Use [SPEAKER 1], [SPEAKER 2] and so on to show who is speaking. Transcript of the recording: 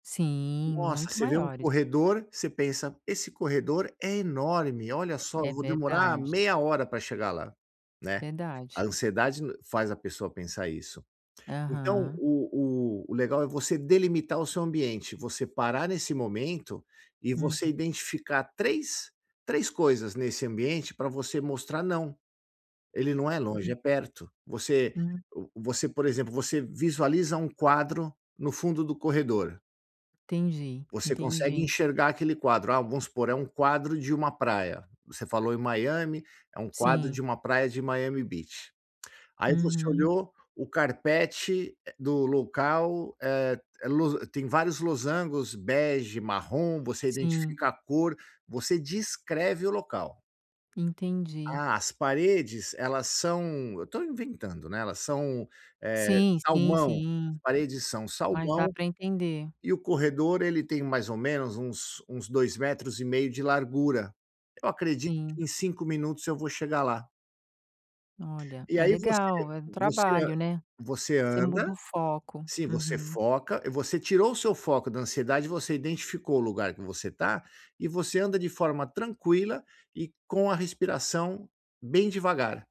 [SPEAKER 1] Sim,
[SPEAKER 2] Nossa,
[SPEAKER 1] muito
[SPEAKER 2] você vê um
[SPEAKER 1] maiores.
[SPEAKER 2] corredor, você pensa: “Esse corredor é enorme, olha só, eu
[SPEAKER 1] É
[SPEAKER 2] vou demorar
[SPEAKER 1] verdade.
[SPEAKER 2] meia hora pra chegar lá.”, né? A
[SPEAKER 1] Verdade.
[SPEAKER 2] ansiedade faz a pessoa pensar isso. Então,
[SPEAKER 1] Aham.
[SPEAKER 2] o o o legal é você delimitar o seu ambiente, você parar nesse momento e você
[SPEAKER 1] Hum.
[SPEAKER 2] identificar três três coisas nesse ambiente pra você mostrar: não, ele não é longe,
[SPEAKER 1] Hum.
[SPEAKER 2] é perto. Você
[SPEAKER 1] Hum.
[SPEAKER 2] você por exemplo, você visualiza um quadro no fundo do corredor
[SPEAKER 1] Entendi,
[SPEAKER 2] Você consegue
[SPEAKER 1] entendi.
[SPEAKER 2] enxergar aquele quadro. Ah, vamos supor, é um quadro de um praia. Você falou em Miami, é um quadro
[SPEAKER 1] Sim.
[SPEAKER 2] de um praia de Miami Beach. Aí você
[SPEAKER 1] Uhum.
[SPEAKER 2] olhou o carpete do local, eh, lo tem vários losangos, bege, marrom, você
[SPEAKER 1] Sim.
[SPEAKER 2] identifica a cor, você descreve o local.
[SPEAKER 1] Entendi.
[SPEAKER 2] Ah, as paredes, elas são, eu estou inventando, né? Elas são, eh,
[SPEAKER 1] Sim, sim,
[SPEAKER 2] salmão, as
[SPEAKER 1] sim,
[SPEAKER 2] paredes são
[SPEAKER 1] mas dá
[SPEAKER 2] salmão
[SPEAKER 1] para entender.
[SPEAKER 2] e o corredor ele tem mais ou menos uns uns 2,5 de largura. Eu acredito
[SPEAKER 1] Sim.
[SPEAKER 2] que em 5 minutos eu vou chegar lá.
[SPEAKER 1] Olha
[SPEAKER 2] E
[SPEAKER 1] é
[SPEAKER 2] aí você
[SPEAKER 1] legal é do
[SPEAKER 2] você
[SPEAKER 1] trabalho, né,
[SPEAKER 2] você
[SPEAKER 1] você muda
[SPEAKER 2] anda,
[SPEAKER 1] o foco,
[SPEAKER 2] sim, você
[SPEAKER 1] uhum.
[SPEAKER 2] foca, você tirou o seu foco da ansiedade, você identificou o lugar que você está e você anda de forma tranquila e com a respiração bem devagar.